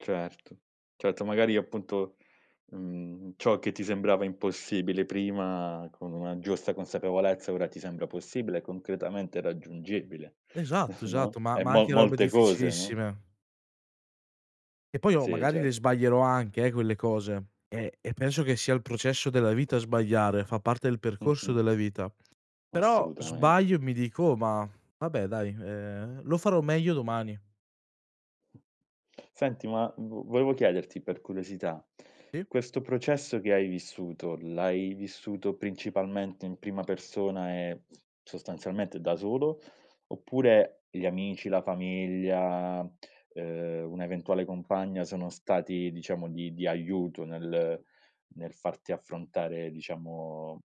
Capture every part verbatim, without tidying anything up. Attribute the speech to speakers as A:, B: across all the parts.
A: Certo, certo, magari appunto, mhmm, ciò che ti sembrava impossibile prima, con una giusta consapevolezza, ora ti sembra possibile e concretamente raggiungibile,
B: Esatto, esatto,
A: no,
B: ma
A: e
B: ma
A: mo
B: anche robe
A: molte cose, no?
B: difficilissime e poi oh,
A: Sì,
B: magari
A: cer
B: le sbaglierò anche, eh, quelle cose. E e penso che sia il processo della vita sbagliare, fa parte del percorso
A: Mh-mh.
B: della vita. Però
A: Assolutamente.
B: sbaglio e mi dico: "Oh, ma vabbè dai, ehm, lo farò meglio domani."
A: Senti, ma v volevo chiederti per curiosità:
B: ì.
A: questo processo che hai vissuto, l'hai vissuto principalmente in prima persona e sostanzialmente da solo? Oppure gli amici, la famiglia, uhm, un'eventuale compagna sono stati diciamo di di aiuto nel nel farti affrontare diciamo,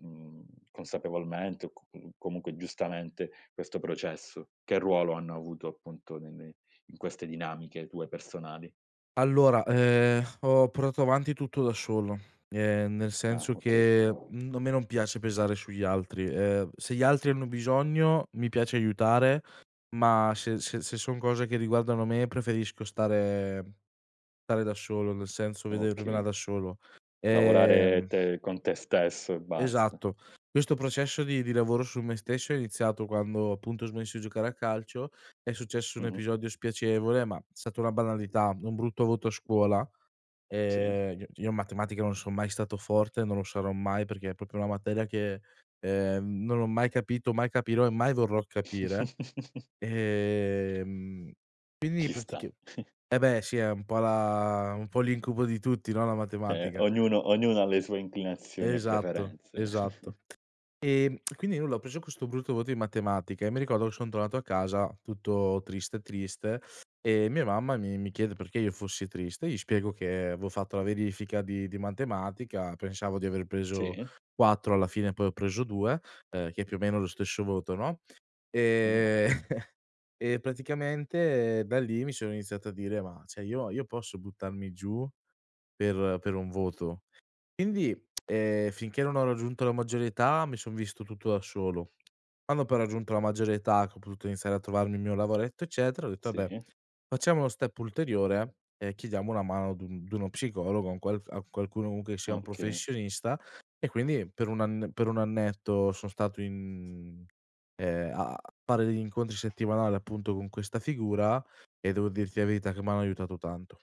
A: mhmm, consapevolmente o c [unintelligible] comunque giustamente questo processo? Che ruolo hanno avuto, appunto, ne nei in queste dinamiche tue personali?
B: Allora, ehm, ho portato avanti tutto da solo, ehm, nel
A: Ah,
B: senso
A: okay.
B: che, mhmm, a me non piace pesare sugli altri. Ehm, se gli altri hanno bisogno, mi piace aiutare, ma se se se son cose che riguardano me, preferisco stare stare da solo, nel senso vedermela
A: Okay.
B: da solo.
A: Lavorare
B: Ehm
A: te con te stesso e basta.
B: Esatto. Questo processo di di lavoro su me stesso è iniziato quando appunto ho smesso di giocare a calcio, è successo un
A: Mh-mh.
B: episodio spiacevole, ma è stata una banalità, un brutto voto a scuola,
A: Sì.
B: ehm ceh io in matematica non son mai stato forte, non lo sarò mai, perché è propio una materia che, ehm, non ho mai capito, mai capirò e mai vorrò capire. Ehm, quindi
A: Ci sta.
B: pratica e beh, sì, è un po' la un po' l'incubo di tutti, no, la
A: Eh,
B: matematica
A: ognuno ognuno ha le sue inclinazioni e
B: Esatto,
A: preferenze.
B: esatto. Ehm, e quindi nulla, ho preso questo brutto voto in matematica e mi ricordo che son tornato a casa tutto triste, triste, e mia mamma mi mi chiede perché io fossi triste. Gli spiego che avevo fatto la verifica di di matematica, pensavo di aver preso
A: Sì.
B: quattro, alla fine poi ho preso due, ehm, che più o meno è lo stesso voto, no,
A: Mh.
B: ehm, e praticamente da lì, mi sono iniziato a dire: "Ma ceh, io io posso buttarmi giù per per un voto?" Quindi, ehm, finché non ho raggiunto la maggiore età, mi son visto tutto da solo. Quando poi ho raggiunto la maggiore età, che ho potuto iniziare a trovarmi il mio lavoretto eccetera, ho detto: "Abbé
A: Sì.
B: facciamo uno step ulteriore e chiediamo una mano ad un d'uno psicologo, a un qual f a qualcuno comunque che sia un
A: Okay.
B: professionista." E quindi per un anne per un annetto son stato in ehm, a fare degli incontri settimanali, appunto, con questa figura. E devo dirti la verità che m'hanno aiutato tanto.